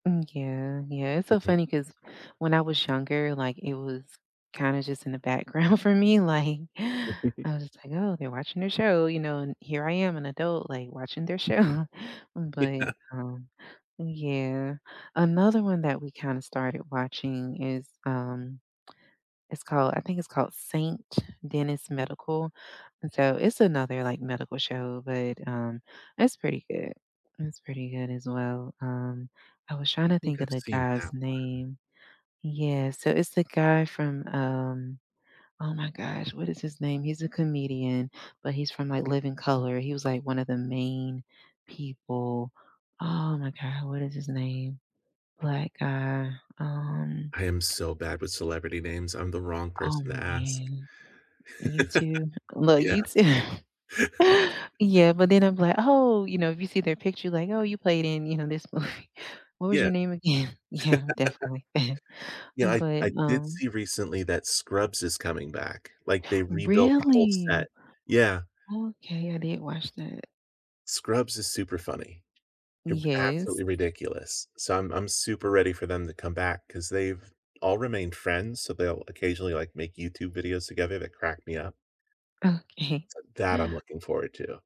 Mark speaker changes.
Speaker 1: Mm, yeah, yeah, it's so
Speaker 2: Mhm.
Speaker 1: funny 'cause when I was younger, like, it was, kinda, just, in the background for me, like, I was, just, like, "Oh, they're watching their show, you know, and here I am, an adult, like, watching their show," but,
Speaker 2: Yeah.
Speaker 1: um, yeah. Another one that we kinda, started watching is, um, it's called I think it's called Saint Dennis Medical, and so it's another, like, medical show, but, um, it's pretty good. It's pretty good, as well. Um, I was trying
Speaker 2: I
Speaker 1: to
Speaker 2: think
Speaker 1: think of
Speaker 2: I've
Speaker 1: the
Speaker 2: seen
Speaker 1: guy's
Speaker 2: that one.
Speaker 1: name. Yeah, so it's the guy from, um, oh, my gosh, what is his name? He's a comedian, but he's from, like, Living Color. He was, like, one of the main people. Oh, my god, what is his name, Black guy, um
Speaker 2: I am so bad with celebrity names. I'm the wrong
Speaker 1: Oh,
Speaker 2: person to ask.
Speaker 1: man. You too? Well,
Speaker 2: Yeah.
Speaker 1: you too. Yeah, but then I'm, like, "Oh," you know, if you see their picture, like, "Oh, you played in, you know, this movie. What was
Speaker 2: Yeah.
Speaker 1: your name again?" Yeah, definitely,
Speaker 2: Yeah, I
Speaker 1: but,
Speaker 2: I did
Speaker 1: um
Speaker 2: see recently that Scrubs is coming back, like, they rebuilt the whole set
Speaker 1: Really?
Speaker 2: yeah.
Speaker 1: Okay, I didn't watch that.
Speaker 2: Scrubs is super funny, ew
Speaker 1: Yes.
Speaker 2: absolutely ridiculous. So, I'm I'm super ready for them to come back, 'cause they've all remained friends, so they'll occasionally, like, make YouTube videos together that crack me up.
Speaker 1: Okay.
Speaker 2: So, that I'm looking forward to.